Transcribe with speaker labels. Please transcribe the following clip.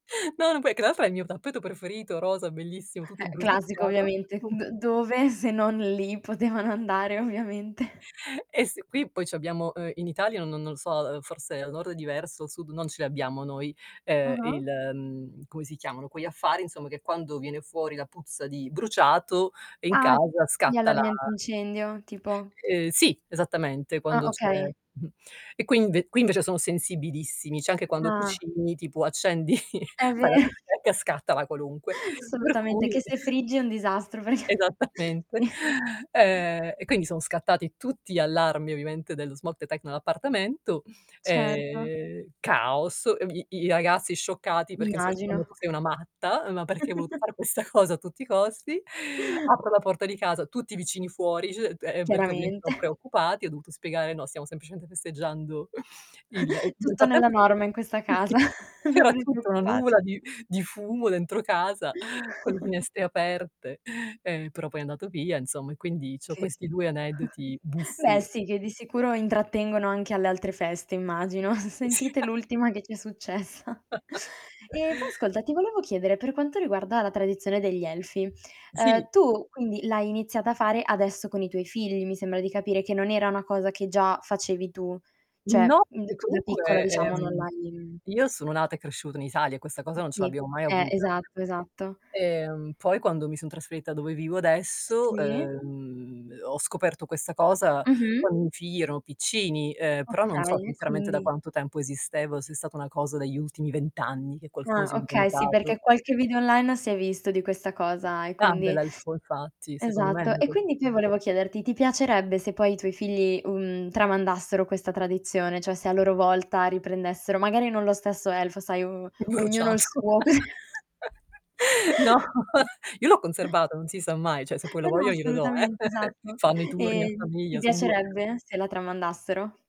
Speaker 1: No, non puoi che tra l'altra è il mio tappeto preferito, rosa, bellissimo, tutto
Speaker 2: Eh, classico
Speaker 1: bruciacchiato.
Speaker 2: ovviamente. D
Speaker 1: [unintelligible]
Speaker 2: dove se non lì potevano andare ovviamente.
Speaker 1: E s qui poi c'abbiamo, uhm, in Italia n no non lo so, uhm, forse al nord è diverso, sud non ce l'abbiamo noi, ehm,
Speaker 2: Ah-ah.
Speaker 1: il uhm, come si chiamano quegli affari insomma che quando viene fuori la puzza di bruciato in
Speaker 2: Ah.
Speaker 1: casa
Speaker 2: Gli
Speaker 1: scatta la
Speaker 2: allarmi antincendio, tipo?
Speaker 1: Uhm, sì, esattamente.
Speaker 2: Ah,
Speaker 1: Quando c'è
Speaker 2: okay.
Speaker 1: e qui inve qui invece sono sensibilissimi, cioè anche quando
Speaker 2: Ah.
Speaker 1: cucini, tipo accendi
Speaker 2: È ve
Speaker 1: fai la bistecca e scatta la qualunque. Per
Speaker 2: Assolutamente,
Speaker 1: cui
Speaker 2: che se friggi è un disastro perché
Speaker 1: Esattamente.
Speaker 2: ni
Speaker 1: Ehm, e quindi son scattati tutti gli allarmi ovviamente dello smog detect nell'appartamento
Speaker 2: Certo.
Speaker 1: e caos. Vi i ragazzi scioccati perché
Speaker 2: Immagino.
Speaker 1: [unintelligible] "Tu sei una matta. Ma perché hai voluto fare questa cosa a tutti i costi?" Apro la porta di casa, tutti i vicini fuori [unintelligible] perché ovviamente li ho
Speaker 2: Chiaramente.
Speaker 1: preoccupati. Ho dovuto spiegare: "No, stiamo semplicemente festeggiando il" [unintelligible] nel
Speaker 2: Tutto nella
Speaker 1: frattempo [unintelligible]
Speaker 2: norma in questa casa.
Speaker 1: sì.
Speaker 2: Non
Speaker 1: C'era
Speaker 2: vi
Speaker 1: tutta una
Speaker 2: preoccupate.
Speaker 1: nuvola di di fumo dentro casa, con le finestre aperte, ehm, però poi è andato via insomma e quindi c'ho
Speaker 2: Che
Speaker 1: questi 2
Speaker 2: [unintelligible]
Speaker 1: aneddoti
Speaker 2: beh,
Speaker 1: buffi.
Speaker 2: sì, che di sicuro intrattengono anche alle altre feste immagino.
Speaker 1: Sì.
Speaker 2: Sentite l'ultima che ci è successa. E poi ascolta, ti volevo chiedere, per quanto riguarda la tradizione degli elfi.
Speaker 1: Sì.
Speaker 2: Uhm, tu quindi l'hai iniziata a fare adesso con i tuoi figli mi sembra di capire, che non era cosa che già facevi tu, cioè,
Speaker 1: No
Speaker 2: mhmm,
Speaker 1: e
Speaker 2: d tu da piccola
Speaker 1: comunque,
Speaker 2: diciamo non
Speaker 1: ehm,
Speaker 2: l'hai
Speaker 1: io sono nata e cresciuta in Italia e questa cosa non ce
Speaker 2: Sì.
Speaker 1: l'abbiamo mai
Speaker 2: Eh,
Speaker 1: avuta.
Speaker 2: esatto, esatto.
Speaker 1: Ehm, poi quando mi son trasferita dove vivo adesso,
Speaker 2: Sì.
Speaker 1: ehm, ho scoperto questa cosa
Speaker 2: Mh-mh.
Speaker 1: quando mi figli erano piccini. Ehm, però non so
Speaker 2: Okay e
Speaker 1: sinceramente da
Speaker 2: quindi
Speaker 1: quanto tempo esisteva o se è stata una cosa degli ultimi 20 anni che qualcuno
Speaker 2: Ah,
Speaker 1: si è
Speaker 2: okay, sì, perché
Speaker 1: inventato.
Speaker 2: qualche video online si è visto di questa cosa e quindi
Speaker 1: [unintelligible] infatti secondo me
Speaker 2: Esatto. E
Speaker 1: [unintelligible]
Speaker 2: quindi qui volevo chiederti: ti piacerebbe se poi i tuoi figli, uhm, tramandassero questa tradizione? Cioè se a loro volta riprendessero, magari non lo stesso elfo, sai o ognuno il
Speaker 1: Bruciato
Speaker 2: suo.
Speaker 1: No, io l'ho conservata, non si sa mai, cioè se poi lo
Speaker 2: Eh, no
Speaker 1: voglio glielo do, eh.
Speaker 2: assolutamente, esatto.
Speaker 1: Fanno i turni a
Speaker 2: E ti
Speaker 1: famiglia, son 2.
Speaker 2: piacerebbe se la tramandassero?